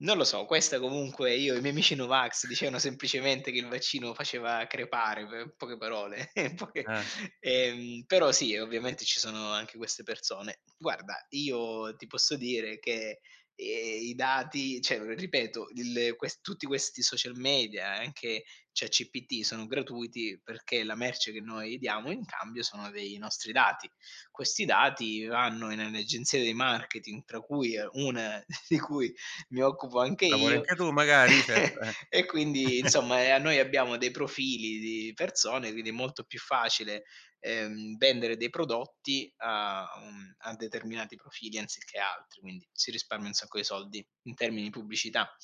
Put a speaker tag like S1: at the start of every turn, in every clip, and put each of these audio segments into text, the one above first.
S1: Non lo so, questa comunque io e miei amici no vax dicevano semplicemente che il vaccino faceva crepare, pe poche parole, poche
S2: Eh.
S1: ehm però sì
S2: [unintelligible]
S1: ovviamente ci sono anche queste persone. Guarda io ti posso dire che, ehm, i dati, cioè o ripeto, il, ehm, ques tutti questi social media, anche ChatGPT, sono gratuiti perché la merce che noi diamo in cambio sono dei nostri dati. Questi dati vanno in en agenzia di marketing, tra cui un di cui mi occupo anche
S2: Lavori
S1: io,
S2: anche tu magari? Certo eh.
S1: e quindi insomma e a noi abbiamo dei profili di persone, quindi è molto più facile, ehm, vendere dei prodotti a un a determinati profili anziché altri, quindi si risparmia un sacco di soldi in termini pubblicità.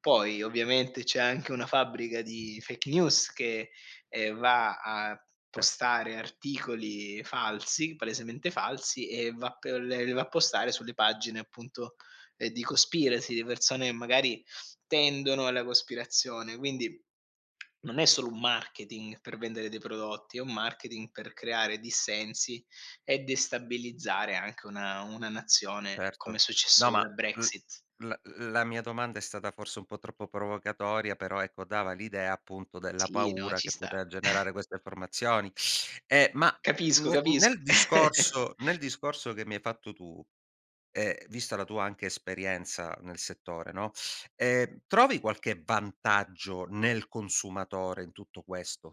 S1: Poi ovviamente c'è anche una fabbrica di fake news che, ehm, va a
S2: Cer
S1: postare articoli falsi, palesemente falsi, e va p le le va a postare sulle pagine appunto, ehm, di
S2: Mh.
S1: conspiracy, di persone e magari tendono alla cospirazione. Quindi non è solo un marketing per vendere dei prodotti, è un marketing per creare dissensi e destabilizzare anche una una nazione, come è
S2: Certo.
S1: successo
S2: No,
S1: con la
S2: ma l
S1: Brexit.
S2: la la mia domanda è stata forse un po' troppo provocatoria, però ecco dava l'idea appunto della
S1: Sì, no,
S2: paura
S1: ci
S2: che
S1: sta.
S2: pote generare queste informazioni. Ehm, ma
S1: Capisco,
S2: ne
S1: capisco.
S2: nel discorso nel discorso che mi hai fatto tu e vista la tua anche esperienza nel settore, no, ehm, trovi qualche vantaggio nel consumatore in tutto questo?